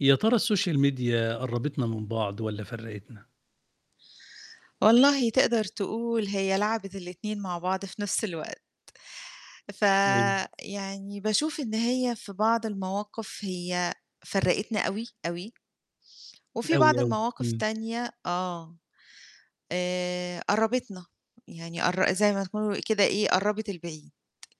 يا ترى الsocial media قرّبِتنا من بعض والَّا فرّقِتنا؟ والله تقدر تقول هي لعبِت الاتنين مع بعض في نفس الوقت، امم. فيعني باشوف إن هي في بعض المواقف هي فرّقِتنا أوي، أوي. وفي بعض أوي، أوي، المواقف امم. تانية آه، آآ، قرّبِتنا يعني قرّ زي ما تكون كده إيه قرَّبِت البعيد،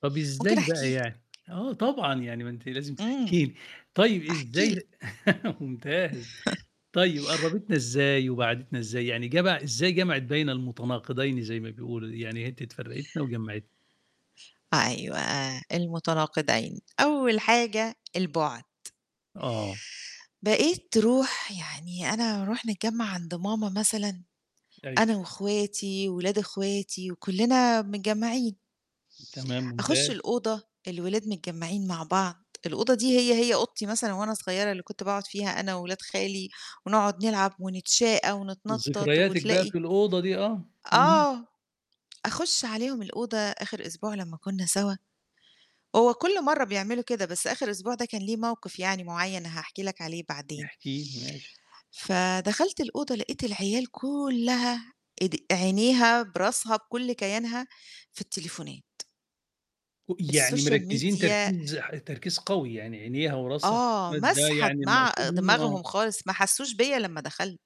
طَب ممكن إزاي أحكي بقى لك. يعني؟ آه طبعًا، يعني ما أنتِ لازم امم، تحكي لي، طيب أحكي لك. إزاي ممتاز، طيب قرّبِتنا إزاي وبعّدِتنا إزاي؟ يعني جمَع إزاي جمَعِت بين المتناقضين زي ما بيقولوا، يعني [unintelligible] فرّقِتنا وجمّعِتنا؟ أيوه، المتناقضين، أول حاجة البُعد. آه. بقيت ترُوح يعني أنا أرُوح نتجمّع عند ماما مثلًا، أيوه. أنا واخواتي وولاد اخواتي وكُلّنا متجمّعين. تمام أخُشّ ممتاز. الأوضة، الولاد متجمّعين مع بعض، الأوضة دي هي، هي أوضتي مثلًا وأنا صغيرة، اللي كنت باقعد فيها أنا وولاد خالي ونقعد نلعب ونتشاقى ونتنطَّط ذكرياتِك بقى وتلاقي في الأوضة دي، آه، اهم. آه، أخُشّ عليهم الأوضة آخر أسبوع لمّا كنا سوا هو كُلّ مرّه بيعملوا كده بس آخر أسبوع ده كان ليه موقف يعني معيّن هاحكي لك عليه بعدين. احكِ لي، ماشي. فدَخَلت الأوضة لقيت العيال كُلّها إد عينيها براسها بكُلّ كيانها في التليفونات. أُ يعني الsocial مركّزين media تركيز ح تركيز قوي يعني، عينيها وراسها آه، م ده ماسحة يعني دماع المقصود منه، دماغهم آه. خالص ما حسّوش بيّا لمّا دخلت.